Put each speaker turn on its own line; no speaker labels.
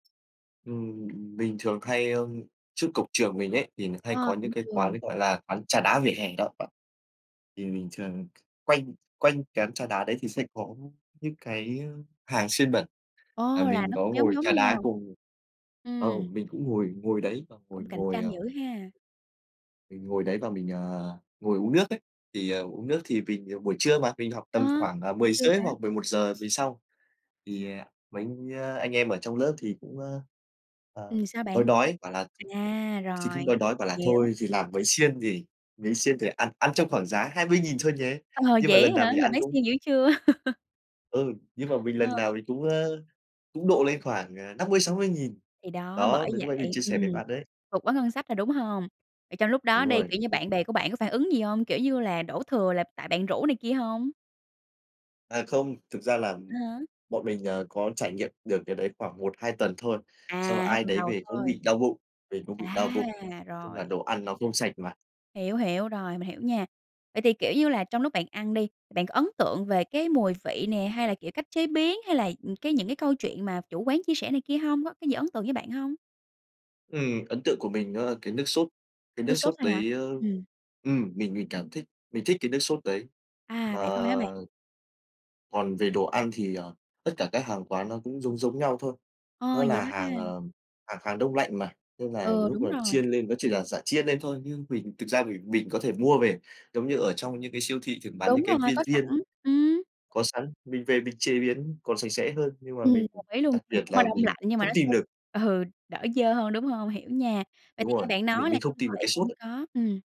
Ừm, mình thường hay ơ, trước cổng trường mình ấy thì mình hay có
Ờ,
những
cổng
cái quán,
trường.
gọi là, quán trà đá vỉa hè đó bạn. Thì mình thường quanh quanh quán trà đá đấy thì sẽ có những cái, ơ, hàng xiên bẩn và
Ờ, là
mình
nó
có
cũng giống
ngồi
giống
trà đá
nhau.
cùng ờ,
Ừm.
mình cũng ngồi ngồi đấy và ngồi
Cũng cạnh
ngồi,
tranh
ờ
dữ ha.
Mình ngồi đấy và mình, ờ, ngồi uống nước ấy, thì uống nước thì vì buổi trưa mà, mình học
Ờ.
tầm khoảng, à,
Buổi
mười
trưa
giờ rưỡi
hả?
hoặc 11:00 với xong, thì, ờ, mấy, ơ, anh em ở trong lớp thì cũng, ơ, ờ,
Ừm, sao
đói
bạn?
đói bảo là
À,
thì cũng
rồi.
đói đói bảo là
Hiểu.
"Thôi thì làm mấy xiên nhỉ? Mấy xiên thì ăn ăn trong khoảng giá 20.000 thôi nhé."
Ờ,
Nhưng mà
vậy
lần
á
nào
hả?
mình
Là
ăn
mấy
cũng
xiên dữ chưa?
Ừ. Nhưng mà mình lần
Ờ.
nào mình cũng, ơ, cũng độ lên khoảng, ờ, 50.000-60.000.
Thì đó,
Đó,
bởi
thì lúc nãy mình
vậy.
chia sẻ với
Ừm.
bạn đấy.
Vượt quá ngân sách rồi, đúng hông? Vậy trong lúc
Đúng
đó đi,
rồi.
kiểu như,
Ừ.
bạn bè của bạn có phản ứng gì hông? Kiểu như là đổ thừa là tại bạn rủ này kia hông?
À, không, thực ra là,
À ha.
bọn mình, ờ, có trải nghiệm được cái đấy khoảng 1-2 tuần thôi, xong rồi
À, 2
ai
tuần
đấy
đầu
về cũng
thôi.
bị đau bụng, về cũng bị đau
À,
bụng. Nói chung là
rồi.
đồ ăn nó không sạch mà.
Hiểu, hiểu, rồi, mình hiểu nha. Vậy thì, kiểu như là, trong lúc bạn ăn đi, bạn có ấn tượng về cái mùi vị nè, hay là, kiểu, cách chế biến, hay là, ừm, cái những cái câu chuyện mà chủ quán chia sẻ này kia hông, có cái gì ấn tượng với bạn hông?
Ừm, ấn tượng của mình nó là cái nước sốt, cái
Nước
nước
sốt
sốt
thôi hả?
đấy, ơ
Ừm.
ừm, mình mình cảm thích mình thích cái nước sốt đấy.
À,
Mà
vậy thôi hả bạn?
Còn về đồ ăn thì, ờ, tất cả các hàng quán nó cũng giống giống nhau thôi.
Ồ,
Nó
vậy
là
đó
hàng,
ha.
ờ, hàng hàng đông lạnh mà, nên là
Ừ,
lúc
đúng
mà
rồi.
chiên lên, nó chỉ là giả chiên lên thôi, nhưng mình thực ra mình mình có thể mua về, giống như ở trong những cái siêu thị thường bán những
Đúng
cái
rồi,
viên
có
viên
sẵn.
ấy
Ừm.
có sẵn, mình về mình chế biến còn sạch sẽ hơn nhưng mà
Ừm,
mình
đồng ý luôn.
đặc
Thì
biệt
cũng là
là
đông
mình
lạnh, nhưng mà
không
nó sẽ
tìm được.
ừ, đỡ dơ hơn, đúng hông? Hiểu nha. Vậy
Đúng
thì nghe
rồi.
bạn
Mình
nói là
mình không
trong
tìm
siêu
được
thị
cái sốt
cũng
ấy.
có. Ừm.